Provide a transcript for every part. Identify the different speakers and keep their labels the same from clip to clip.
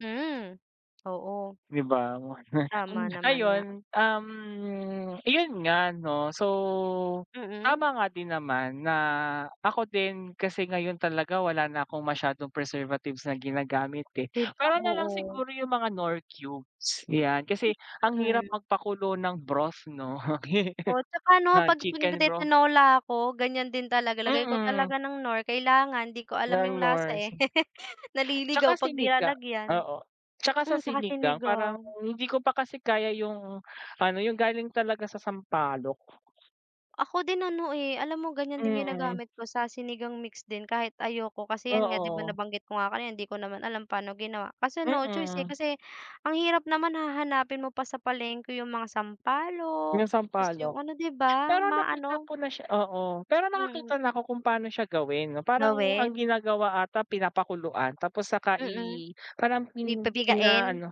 Speaker 1: Hmm, oo.
Speaker 2: 'Di ba,
Speaker 1: Tama naman nga.
Speaker 2: ayun, um, iyon nga 'no so
Speaker 1: Mm.
Speaker 2: tama nga din naman na ako din kasi ngayon talaga wala na akong masyadong preservatives na ginagamit eh,
Speaker 1: 'Di ba
Speaker 2: puwera nalang
Speaker 1: oo.
Speaker 2: siguro yung mga Knorr cubes 'yan kasi ang
Speaker 1: M,
Speaker 2: hirap
Speaker 1: mm.
Speaker 2: magpakulo ng broth 'no,
Speaker 1: O at saka 'no
Speaker 2: ng
Speaker 1: kapag
Speaker 2: chicken broth
Speaker 1: nagti-Tinola ako ganiyan din talaga lagay ko
Speaker 2: Mm.
Speaker 1: talaga ng Knorr kailangan di ko alam
Speaker 2: Ng
Speaker 1: yung lasa
Speaker 2: Knorr
Speaker 1: eh,
Speaker 2: si. At saka
Speaker 1: naliligaw kapag di
Speaker 2: Sinigang
Speaker 1: lalagyan.
Speaker 2: oo at saka sa
Speaker 1: Hmm at saka
Speaker 2: Sinigang parang
Speaker 1: Sinigang.
Speaker 2: hindi ko pa kasi kaya yung ano yung galing talaga sa sampalok.
Speaker 1: Ako din ano eh, alam mo ganiyan din
Speaker 2: Mm.
Speaker 1: ginagamit ko sa Sinigang mix din kahit ayoko kasi 'yan nga 'di ba
Speaker 2: Oo.
Speaker 1: nabanggit ko nga kanina, hindi ko naman alam paano ginawa, kaso no choice eh
Speaker 2: Mm.
Speaker 1: kasi ang hirap naman hahanapin mo pa sa palengke yung mga sampalok
Speaker 2: 'Yung
Speaker 1: tapos yung
Speaker 2: sampalok,
Speaker 1: ano 'di ba
Speaker 2: pero nakita
Speaker 1: maano
Speaker 2: ko na siya oo pero
Speaker 1: Mm.
Speaker 2: nakakita na ako kung pano siya gawin parang ang
Speaker 1: Gawin.
Speaker 2: ginagawa ata pinapakuluan tapos saka
Speaker 1: Mm,
Speaker 2: i, parang
Speaker 1: pi i
Speaker 2: pin
Speaker 1: pipigain.
Speaker 2: pinaano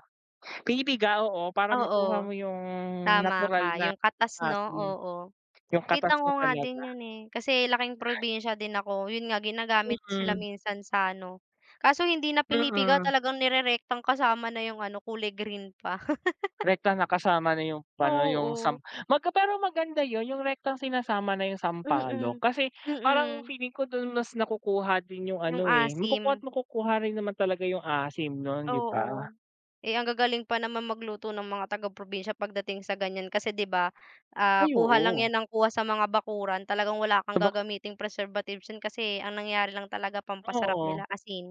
Speaker 2: pinipiga oo para makuha
Speaker 1: Oo,
Speaker 2: mo 'yung
Speaker 1: tama
Speaker 2: natural
Speaker 1: ka
Speaker 2: na
Speaker 1: 'yung katas 'no
Speaker 2: asim
Speaker 1: oo.
Speaker 2: 'yung katas
Speaker 1: Kita
Speaker 2: niya
Speaker 1: ko nga
Speaker 2: talaga.
Speaker 1: din 'yun eh kasi laking probinsya din ako, yun nga ginagamit sila
Speaker 2: Mm.
Speaker 1: minsan sa ano kaso hindi na pinipiga
Speaker 2: Mm.
Speaker 1: talagang nirerektang kasama na yung ano kulay green pa.
Speaker 2: Rektang nakasama na 'yung ano yung sam
Speaker 1: Oo.
Speaker 2: magka pero maganda 'yun 'yung rektang sinasama na 'yung sampalok
Speaker 1: Mm,
Speaker 2: kasi parang
Speaker 1: mm.
Speaker 2: feeling ko dun mas nakukuha din yung
Speaker 1: Yung
Speaker 2: ano eh
Speaker 1: asim.
Speaker 2: makukuha't-makukuha rin naman talaga 'yung asim nun 'di
Speaker 1: Oo,
Speaker 2: ba?
Speaker 1: eh ang gagaling pa naman magluto ng mga taga-probinsya pagdating sa ganiyan kasi 'di ba, ah
Speaker 2: Ay
Speaker 1: kuha lang
Speaker 2: oo.
Speaker 1: 'yan ng kuha sa mga bakuran talagang wala kang
Speaker 2: Sabak
Speaker 1: gagamiting preservatives diyan kasi ang nangyari lang talaga pampasarap
Speaker 2: Oo.
Speaker 1: nila asin.